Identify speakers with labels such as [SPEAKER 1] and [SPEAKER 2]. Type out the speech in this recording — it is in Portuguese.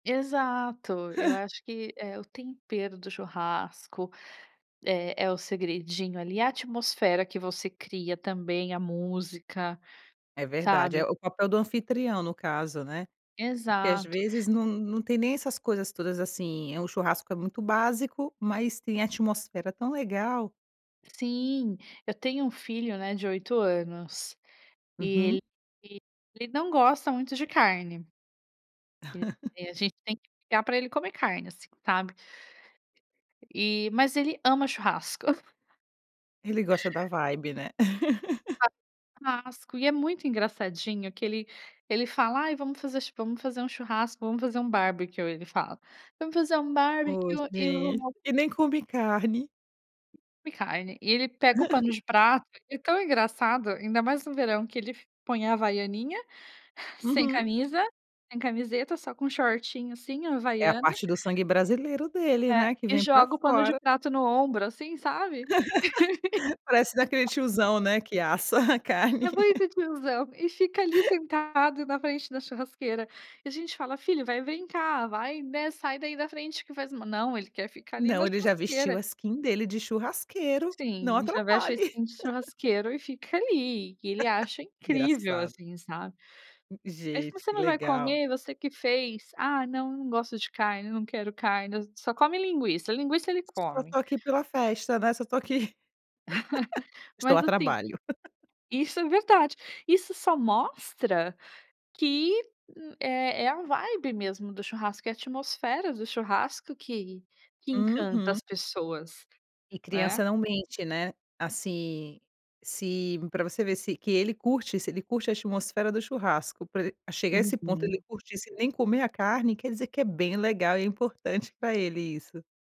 [SPEAKER 1] Exato, eu acho que é o tempero do churrasco, eh, é o segredinho ali, a atmosfera que você cria também, a música,
[SPEAKER 2] É verdade, eh,
[SPEAKER 1] sabe.
[SPEAKER 2] o papel do anfitrião no caso, né. Porque às
[SPEAKER 1] Exato.
[SPEAKER 2] vezes não não tem nem essas coisas todas, assim, é um churrasco é muito básico, mas tem atmosfera tão legal.
[SPEAKER 1] Sim. Eu tenho um filho né de 8 anos, e
[SPEAKER 2] Uhum.
[SPEAKER 1] ele, [unintelligible] ele não gosta muito de carne. [unintelligible] E a gente tem que brigar, pra ele comer carne assim, sabe. Eh, mas ele ama churrasco.
[SPEAKER 2] Ele gosta da vibe, né.
[SPEAKER 1] [unintelligible] Churrasco, e é muito engraçadinho que ele ele fala: "Ai, vamos fazer vamos ch vamos fazer um churrasco, vamos fazer um barbecue", ele fala: "Vamos fazer um barbecue e
[SPEAKER 2] Oxi.
[SPEAKER 1] um".
[SPEAKER 2] E nem come carne.
[SPEAKER 1] Come carne. E ele pega o pano de prato ele é tão engraçado, ainda mais no verão que ele f põe a Havaianinha, sem
[SPEAKER 2] Uhum.
[SPEAKER 1] camisa, sem camiseta, só com shortinho assim, a
[SPEAKER 2] É a
[SPEAKER 1] Havaiana.
[SPEAKER 2] parte do sangue brasileiro dele,
[SPEAKER 1] É.
[SPEAKER 2] né, que
[SPEAKER 1] E
[SPEAKER 2] vem pra
[SPEAKER 1] joga o pano de
[SPEAKER 2] fora.
[SPEAKER 1] prato no ombro assim, sabe.
[SPEAKER 2] Parece daquele tiozão, né, que assa a
[SPEAKER 1] É
[SPEAKER 2] carne.
[SPEAKER 1] muito tiozão. E fica ali sentado na frente da churrasqueira. E a gente fala: "Filho, vai, vem cá, vai, né, sai daí da frente que faz ma". Não, ele quer ficar ali na
[SPEAKER 2] Não, ele já vestiu a
[SPEAKER 1] churrasqueira.
[SPEAKER 2] skin dele de churrasqueiro, não
[SPEAKER 1] Sim, já veste a
[SPEAKER 2] atrapalhe.
[SPEAKER 1] skin de churrasqueiro e fica ali, e ele acha incrível,
[SPEAKER 2] Engraçado.
[SPEAKER 1] assim, sabe. Eh, "Mas
[SPEAKER 2] Gente,
[SPEAKER 1] você
[SPEAKER 2] que
[SPEAKER 1] não vai
[SPEAKER 2] legal.
[SPEAKER 1] comer? Você que fez". "Ah não, não gosto de carne, não quero carne". [unintelligible] só come linguiça, linguiça ele
[SPEAKER 2] "Só
[SPEAKER 1] come.
[SPEAKER 2] estou aqui pela festa", né. "Só estou aqui". "Estou
[SPEAKER 1] Mas,
[SPEAKER 2] a
[SPEAKER 1] assim
[SPEAKER 2] trabalho.".
[SPEAKER 1] Isso é verdade, isso só mostra que m eh, é é a vibe mesmo do churrasco, é a atmosfera do churrasco que que encanta
[SPEAKER 2] Uhum.
[SPEAKER 1] as pessoas,
[SPEAKER 2] E
[SPEAKER 1] né.
[SPEAKER 2] criança não mente, né. Assim, se pra você ver se que ele curte se ele curte a atmosfera do churrasco, pra el chegar a esse ponto, ele
[SPEAKER 1] Uhum.
[SPEAKER 2] curtir se nem comer a carne, quer dizer que é bem legal e é importante pra ele isso.